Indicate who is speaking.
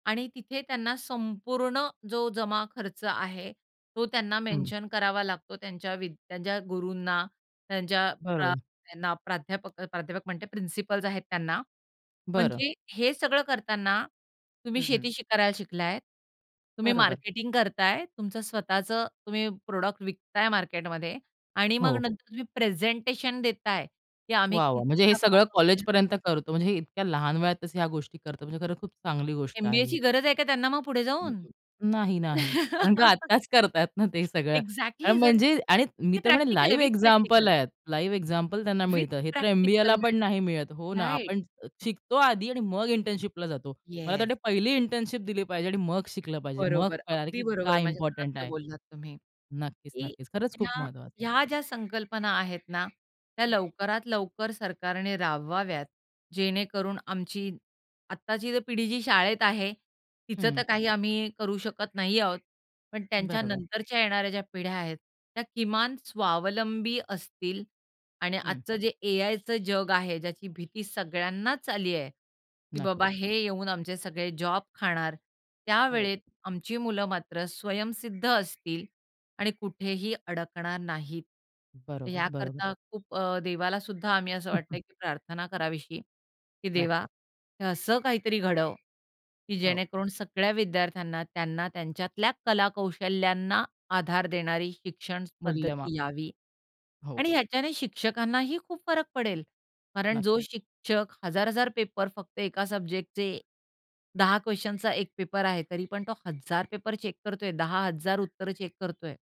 Speaker 1: आणि तिथे त्यांना संपूर्ण जो जमा-खर्च आहे, तो त्यांना
Speaker 2: हं.
Speaker 1: मेन्शन करावा लागतो, त्यांच्या वी त्यांच्या गुरूंना त्यांच्या अ,
Speaker 2: बरं.
Speaker 1: त्यांना प्राध्यापक, प्राध्यापक म्हणते, प्रिन्सिपल्स आहेत त्यांना.
Speaker 2: बरं.
Speaker 1: म्हणजे हे सगळं करताना, तुम्ही
Speaker 2: हं, हं.
Speaker 1: शेती करायला शिकला आहेत, तुम्ही
Speaker 2: बरोबर.
Speaker 1: मार्केटिंग करत आहेत. तुमचं स्वतःचं तुम्ही प्रॉडक्ट विकत आहे मार्केटमध्ये आणि
Speaker 2: हो,
Speaker 1: मग
Speaker 2: हो.
Speaker 1: नंतर तुम्ही प्रेझेंटेशन देत आहे, की आम्ही
Speaker 2: वाह, वाह्!
Speaker 1: किती
Speaker 2: म्हणजे हे
Speaker 1: नफा
Speaker 2: सगळं
Speaker 1: कमवला.
Speaker 2: कॉलेजपर्यंत करतो. म्हणजे हे इतक्या लहान वयातच ह्या गोष्टी करतो. म्हणजे खरं खूप चांगली गोष्ट आहे
Speaker 1: एम-बी-एची
Speaker 2: ही.
Speaker 1: गरज आहे का त्यांना मग पुढे जाऊन?
Speaker 2: नाही, नाही. कारण का आत्ताच करतायत ना, ते सगळं
Speaker 1: एक्झॅक्टली. जर
Speaker 2: म्हणजे आणि मी
Speaker 1: हे
Speaker 2: तर म्हणेन,
Speaker 1: प्रॅक्टिकल आहे,
Speaker 2: लाईव्ह
Speaker 1: विथ
Speaker 2: एक्झाम्पल
Speaker 1: प्रॅक्टिकल.
Speaker 2: आहेत. लाईव्ह एक्झाम्पल त्यांना
Speaker 1: विथ
Speaker 2: मिळतं. हे तर एम-बी-ए
Speaker 1: प्रॅक्टिकल
Speaker 2: ला पण नाही मिळत हो
Speaker 1: मिळतं.
Speaker 2: ना,
Speaker 1: राइट.
Speaker 2: आपण शिकतो आधी आणि मग इंटर्नशिपला जातो. मला तर
Speaker 1: येस.
Speaker 2: वाटतं पहिली इंटर्नशिप दिली पाहिजे आणि मग शिकलं पाहिजे. मग
Speaker 1: बरोबर.
Speaker 2: कळाले,
Speaker 1: अगदी
Speaker 2: की
Speaker 1: बरोबर
Speaker 2: काय
Speaker 1: माझ्या
Speaker 2: इम्पोर्टंट
Speaker 1: मनातलं
Speaker 2: आहे.
Speaker 1: बोललात तुम्ही.
Speaker 2: नक्कीच,
Speaker 1: की
Speaker 2: नक्कीच खरंच खूप
Speaker 1: ह्या,
Speaker 2: महत्वाचं आहे.
Speaker 1: ह्या ज्या संकल्पना आहेत ना, त्या
Speaker 2: हं.
Speaker 1: लवकरात लवकर सरकारने राबवाव्यात, जेणेकरून आमची आत्ताची पिढी जी शाळेत आहे, तिचं
Speaker 2: हं.
Speaker 1: तर काही आम्ही करू शकत नाही आहोत. पण
Speaker 2: बरोबर.
Speaker 1: त्यांच्यानंतरच्या येणाऱ्या ज्या पिढ्या आहेत, त्या किमान स्वावलंबी असतील आणि
Speaker 2: हं.
Speaker 1: आजचं जे ए आयचं जग आहे, ज्याची भीती सगळ्यांनाच आली आहे, की बाबा
Speaker 2: नक्कीच.
Speaker 1: हे येऊन आमचे सगळे जॉब खाणार.
Speaker 2: हो.
Speaker 1: त्यावेळेत आमची मुलं मात्र स्वयंसिद्ध असतील आणि कुठेही अडकणार नाहीत.
Speaker 2: बरोबर, बरोबर.
Speaker 1: याकरता खूप अ, देवाला सुद्धा आम्ही असं
Speaker 2: हं,
Speaker 1: वाटतं
Speaker 2: हं.
Speaker 1: आहे, की प्रार्थना करावीशी. की "देवा
Speaker 2: नक्कीच.
Speaker 1: हे असं काहीतरी घडव, की
Speaker 2: हो.
Speaker 1: जेणेकरून सगळ्या विद्यार्थ्यांना त्यांना त्यांच्यातल्या कलाकौशल्यांना आधार देणारी शिक्षण
Speaker 2: मूल्यमाप.
Speaker 1: पद्धती यावी."
Speaker 2: हो.
Speaker 1: आणि ह्याच्याने शिक्षकांनाही खूप फरक पडेल. कारण
Speaker 2: नक्की.
Speaker 1: जो शिक्षक 1000-1000 पेपर फक्त एका सब्जेक्टचे 10 क़्वश्चनचा एक पेपर आहे तरी पण तो हजार पेपर चेक करतो आहे. 10,000 उत्तरं चेक करतो आहे.